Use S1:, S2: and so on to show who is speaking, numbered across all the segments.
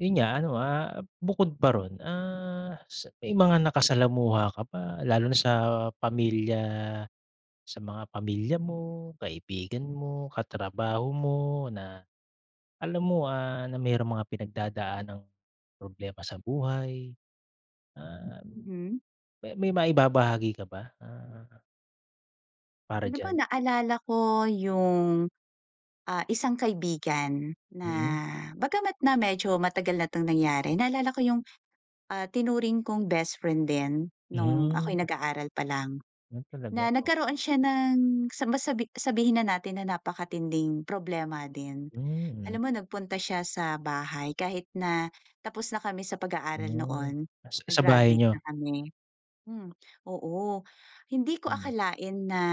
S1: Yun nga ano, ah, bukod pa roon, ah, s may mga nakasalamuha ka ba lalo na sa pamilya sa mga pamilya mo, kaibigan mo, katrabaho mo na alam mo, ah, na merong mga pinagdadaanang problema sa buhay? Ah,
S2: Mhm.
S1: may maibabahagi ka ba? Ah para
S2: Oh, di ba
S1: diyan?
S2: naalala ko yung, ah, isang kaibigan na
S1: Mm.
S2: bagama't na medyo matagal na 'tong nangyari, naalala ko yung, ah, tinuring kong bestfriend din nung ako'y
S1: Mhm.
S2: nag-aaral pa lang.
S1: Yun talaga,
S2: Na
S1: oo.
S2: nagkaroon siya ng sa masabi sabihin na natin na napakatinding problema din.
S1: Hmm, mm.
S2: Alam mo nagpunta siya sa bahay kahit na tapos na kami sa pag-aaral
S1: Hmm.
S2: noon,
S1: Sa sa bahay
S2: nag-graduate
S1: niyo?
S2: na kami hmm, oo. Hindi ko
S1: Hmm.
S2: akalain na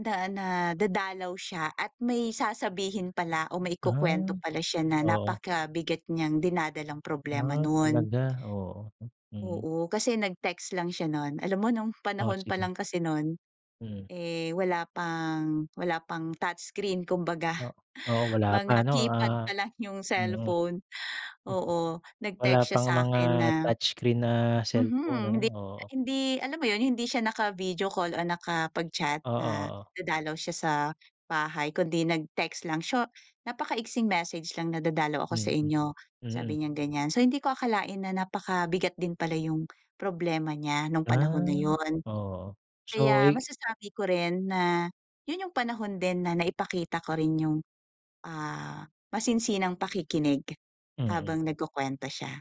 S2: na na dadalaw siya at may sasabihin pala o may ikukuwento
S1: Ah.
S2: pala siya na
S1: Oo.
S2: napakabigat niyang dinadalang problema
S1: Ah,
S2: nun.
S1: talaga, oo, mm.
S2: Oo. Kasi nag-text lang siya nun. Alam mo nung
S1: Oh,
S2: panahon pa
S1: sige.
S2: lang kasi nun,
S1: Mm.
S2: eh, wala pang wala pang touchscreen, kumbaga.
S1: Oh, oo. Wala pa
S2: Mga
S1: ano,
S2: keypad
S1: ah,
S2: pa lang yung
S1: mm.
S2: cellphone, oo.
S1: Wala
S2: Nag-text siya
S1: pang mga
S2: sa'kin na
S1: touch screen na cellphone ano?
S2: mhm. Hindi niya
S1: Oo.
S2: hindi alam mo yun, hindi siya naka-video call o nakapag-chat
S1: Oo,
S2: na
S1: oo.
S2: dadalaw siya sa bahay kundi nag-text lang. So, napakaigsing message lang na, "Dadalaw ako sa
S1: Mm.
S2: inyo,"
S1: Mm.
S2: sabi niyang ganyan. So, hindi ko akalain na napakabigat din pala yung problema niya nung panahon na
S1: Ah,
S2: yun.
S1: oo. So,
S2: Kaya
S1: i
S2: masasabi ko rin na yun yung panahon din na naipakita ko rin yung, ah, masinsinang pakikinig
S1: Mm.
S2: habang nagkukuwento siya.